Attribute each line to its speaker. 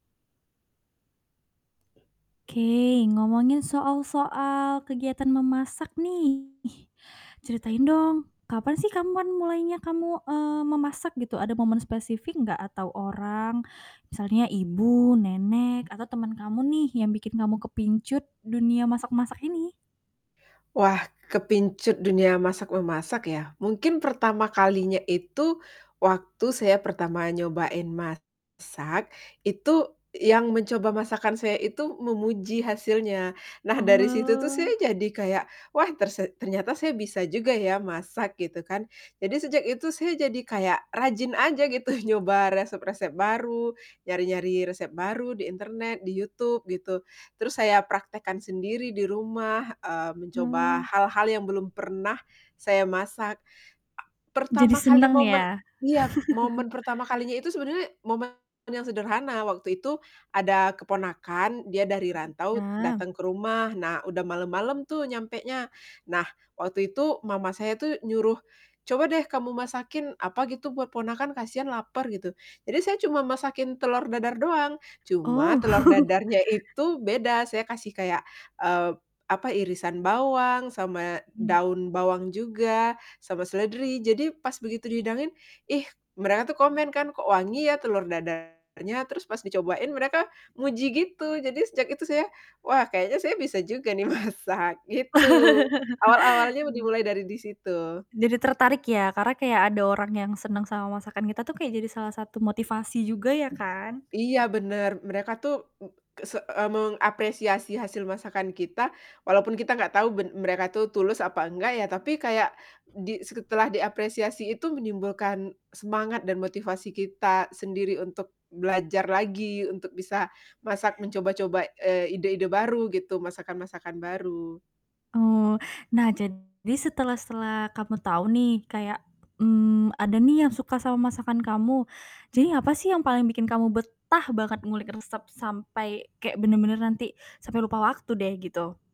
Speaker 1: Oke, ngomongin soal-soal kegiatan memasak nih, ceritain dong, kapan sih kamu pan mulainya kamu, eee, memasak gitu, ada momen spesifik gak atau orang, misalnya ibu, nenek, atau temen kamu nih yang bikin kamu kepincut dunia masak-masak ini?
Speaker 2: Wah kepincut dunia masak-memasak ya? Mungkin pertama kalinya itu waktu saya pertama nyobain masak, itu yang mencoba masakan saya itu memuji hasilnya. Nah dari situ tuh saya
Speaker 1: Oh.
Speaker 2: jadi kayak, "Wah, terse ternyata saya bisa juga ya masak." Gitu kan. Jadi sejak itu saya jadi kayak rajin aja gitu nyoba resep-resep baru, nyari-nyari resep baru di internet, di YouTube gitu. Terus saya praktekkan sendiri di rumah, eee, mencoba
Speaker 1: Mmm.
Speaker 2: hal-hal yang belum pernah saya masak. A
Speaker 1: Jadi
Speaker 2: pertama kali
Speaker 1: seneng
Speaker 2: momen
Speaker 1: ya?
Speaker 2: iya, momen pertama kalinya itu sebenarnya momen yang sederhana waktu itu ada keponakan, dia dari rantau
Speaker 1: Ya.
Speaker 2: dateng ke rumah, nah udah malem-malem tuh nyampenya. Nah waktu itu mama saya tuh nyuruh, "Coba deh kamu masakin apa gitu buat ponakan kasihan lapar." Gitu. Jadi saya cuma masakin telur dadar doang, cuma
Speaker 1: Oh.
Speaker 2: telur dadarnya itu beda, saya kasih kayak, eee, apa, irisan bawang, sama
Speaker 1: Hmm.
Speaker 2: daun bawang juga, sama seledri. Jadi pas begitu dihidangin ih mereka tuh komen kan, "Kok wangi ya telur dadarnya?" Terus pas dicobain mereka muji gitu! Jadi sejak itu saya, "Wah kayaknya saya bisa juga nih masak." Gitu, awal-awalnya
Speaker 1: Mmm.
Speaker 2: dimulai dari di situ.
Speaker 1: Jadi tertarik ya, karena kayak ada orang yang seneng sama masakan kita tuh kayak jadi salah satu motivasi juga ya kan?
Speaker 2: Iya, bener, mereka tuh m kese eee, mengapresiasi hasil masakan kita walaupun kita gak tau ben mereka tuh tulus apa enggak ya, tapi kayak di setelah diapresiasi itu menimbulkan semangat dan motivasi kita sendiri untuk belajar lagi untuk bisa masak, mencoba-coba, eee, ide-ide baru gitu, masakan-masakan baru.
Speaker 1: Oh, nah jadi setelah setelah kamu tau nih kayak, mmm, ada nih yang suka sama masakan kamu. Jadi apa sih yang paling bikin kamu betah banget ngulik resep sampai kayak bener-bener nanti sampai lupa waktu deh gitu?